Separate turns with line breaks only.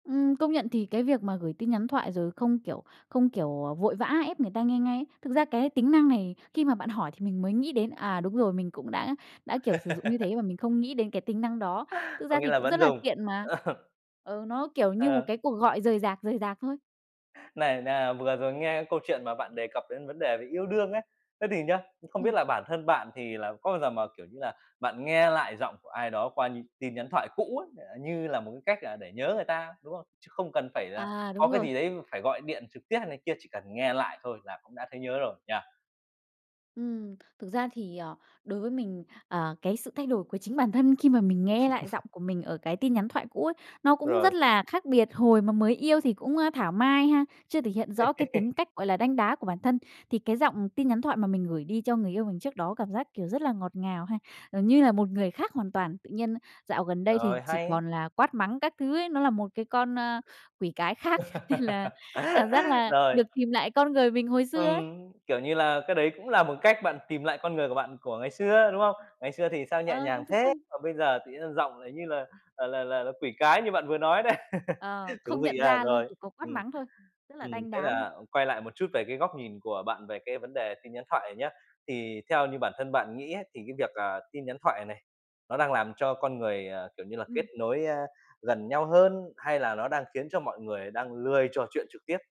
Ừm, công nhận thì cái việc mà gửi tin nhắn thoại rồi không, kiểu, không, kiểu, ờ, vội vã ép người ta nghe ngay, thực ra cái tính năng này, khi mà bạn hỏi thì mình mới nghĩ đến, à, đúng rồi, mình cũng đã đã, kiểu, sử dụng như thế mà mình không nghĩ đến cái tính năng đó. Thực
Có
ra
nghĩa
thì
là
cũng
vẫn
rất là
dùng.
tiện mà, ừ, nó kiểu như một
Ờ.
cái cuộc gọi rời rạc, rời rạc thôi.
Này, nà vừa rồi nghe câu chuyện mà bạn đề cập đến vấn đề về yêu đương ấy, thế thì nhá, không biết
Ừm.
là bản thân bạn thì là có bao giờ mờ, kiểu như là, bạn nghe lại giọng của ai đó qua nh tin nhắn thoại cũ ấy, ờ, như là một cái cách, à, để nhớ người ta, đúng không? Chứ không cần phải là
À,
có
đúng
cái
rồi.
gì đấy phải gọi điện trực tiếp hay này kia, chỉ cần nghe lại thôi là cũng đã thấy nhớ rồi, nhỉ?
Ừm, thực ra thì, ờ, đối với mình, ờ, cái sự thay đổi của chính bản thân khi mà mình nghe lại giọng của mình ở cái tin nhắn thoại cũ ấy, nó cũng
Rồi.
rất là khác biệt. Hồi mà mới yêu thì cũng, a, thảo mai ha, chưa thể hiện rõ cái tính cách, gọi là, đanh đá của bản thân, thì cái giọng tin nhắn thoại mà mình gửi đi cho người yêu mình trước đó cảm giác, kiểu, rất là ngọt ngào ha, gần như là một người khác hoàn toàn. Tự nhiên dạo gần đây thì
Rồi,
chỉ
hay.
còn là quát mắng các thứ ấy, nó là một cái con, a, quỷ cái khác nên là cảm giác là
Rồi.
được tìm lại con người mình hồi xưa ấy.
Ừm, kiểu như là, cái đấy cũng là một cách bạn tìm lại con người của bạn của ngày xưa, đúng không? Ngày xưa thì sao nhẹ
Ờ, đúng
nhàng thế,
rồi.
còn bây giờ tự nhiên giọng, ờ, như là là là là quỷ cái như bạn vừa nói đấy.
Ờ,
Thú
không
vị
nhận
ha,
ra luôn,
rồi.
chỉ có quát
Ừm.
mắng thôi. Rất là
Ừm.
đanh
Thế
đá luôn.
là quay lại một chút về cái góc nhìn của bạn về cái vấn đề tin nhắn thoại này nhá, thì theo như bản thân bạn nghĩ ấy, thì cái việc, à, tin nhắn thoại này nó đang làm cho con người, à, kiểu như là, kết
Ừm.
nối, a, gần nhau hơn hay là nó đang khiến cho mọi người đang lười trò chuyện trực tiếp?